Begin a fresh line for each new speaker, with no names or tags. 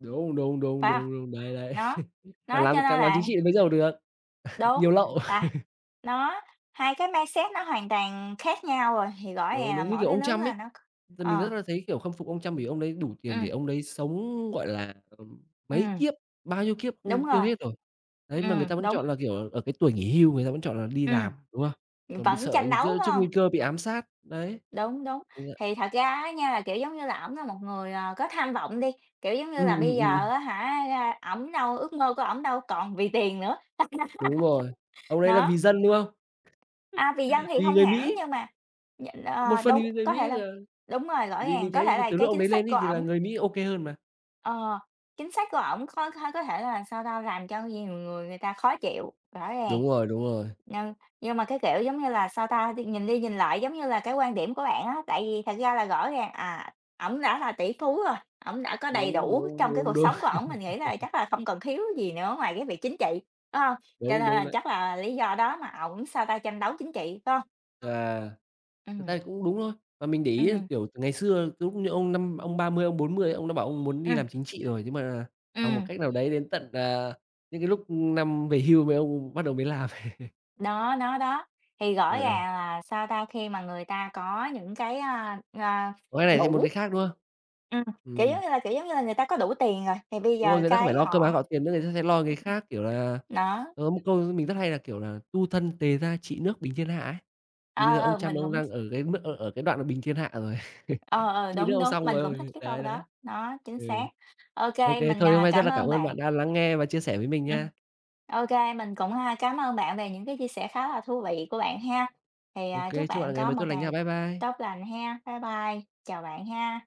Đúng, đúng, đúng,
Phải không?
đúng, đúng, đấy, đấy.
Nó,
Mà
nó
làm
cho nên
càng làm chính
là
trị thì mới giàu được, nhiều
Đúng,
lậu.
là nó, hai cái mindset nó hoàn toàn khác nhau rồi, thì rõ
Đúng,
ràng là
đúng. Như,
mỗi
kiểu,
cái
ông
nước
Trump
là
ấy,
nó c
mình
ờ.
rất là thấy, kiểu, khâm phục ông Trump bởi vì ông ấy đủ tiền để
Ừm.
ông đấy sống, gọi là, ờm, mấy
Ừm.
kiếp bao nhiêu kiếp
Đúng
không tiêu
rồi.
hết rồi. Đấy, mà người
Ừm,
ta vẫn
đúng.
chọn là, kiểu, ở cái tuổi nghỉ hưu, người ta vẫn chọn là đi
Ừm.
làm, đúng không? Còn bị
Vẫn
sợ
tranh đấu,
giữa
phải
trước
hông?
nguy cơ bị ám sát, đấy.
Đúng, đúng.
[unintelligible]
Thì thật ra á nha, là kiểu, giống như là ổng là một người, à, có tham vọng đi, kiểu, giống như là
Ừm, ừm,
bây
ừm.
giờ á hả, a, ổng đâu ước mơ của ổng đâu còn vì tiền nữa.
Đúng rồi. Ông đấy là
Đó.
vì dân, đúng không?
À, vì dân thì
Vì
không
người
hẳn
Mỹ.
nhưng mà nh
Một
ờ,
phần
đúng,
thì người
có
Mỹ
thể là
là
đúng rồi, rõ
vì
ràng,
mình
có
thấy
thể là
từ
cái
lúc ông
chính
đấy
sách
lên
của
ấy thì là
ổng
người Mỹ ô kê hơn mà.
Ờ, chính sách của ổng có có có thể là sao ta, làm cho nhiều người người ta khó chịu, rõ ràng.
Đúng rồi, đúng rồi.
Nhưng nhưng mà cái, kiểu, giống như là sao ta, nhìn đi nhìn lại giống như là cái quan điểm của bạn á, tại vì thật ra là rõ ràng à, ổng đã là tỷ phú rồi, ổng đã có đầy
Đúng,
đủ
đúng,
trong cái
đúng,
cuộc
đúng.
sống của ổng, mình nghĩ là chắc là không cần thiếu gì nữa ngoài cái việc chính trị, phải hông? Cho nên
Đúng, đúng
là
đấy.
chắc là lý do đó mà ổng sao ta, tranh đấu chính trị, phải hông?
Và thực ra
Ừm.
thì cũng đúng thôi và mình để ý,
Ừm.
kiểu, ngày xưa lúc như ông năm ông 30, ông 40 ông đã bảo ông muốn đi
Ừm.
làm chính trị rồi, nhưng mà bằng một
Ừm.
cách nào đấy đến tận, à, những cái lúc năm về hưu mấy ông bắt đầu mới làm.
Đó, đó, đó. Thì rõ
Ờ, ờ.
ràng là sao ta, khi mà người ta có những cái, ờ ờ,
Có cái này thêm muốn
đủ.
cái khác, đúng không?
Ừm, kiểu giống
Ừm.
như là kiểu giống như là người ta có đủ tiền rồi, thì bây
Đúng rồi,
giờ
người ta không phải
cái
lo cơm
họ
áo gạo tiền nữa, người ta sẽ lo cái khác, kiểu là,
Ưm. Đó.
có một câu mình rất hay là, kiểu là "Tu thân, tề gia, trị nước, bình thiên hạ" ấy. Thì bây
Ờ,
giờ ông
ờ
Trump
mình
ông
cũng th
đang ở cái mức ở ở cái đoạn mà bình thiên hạ rồi,
Ờ, ờ,
trị nước
đúng,
ông
đúng,
xong
mình cũng thích
rồi,
cái câu
đấy đấy.
đó, nó chính
Ừ.
xác. Ô
Ô
kê,
kê,
mình,
thôi hôm
à,
nay rất
cảm
là cảm
ơn
ơn
bạn
bạn đã lắng nghe và chia sẻ với mình nha.
Ừm, ô kê mình cũng, à, cám ơn bạn về những cái chia sẻ khá là thú vị của bạn ha. Thì,
Ô
à,
kê,
chúc
chúc
bạn
bạn ngày
có
mới
một
tốt lành nha.
ngày
Bye bye.
tốt lành ha. Bye bye, chào bạn ha.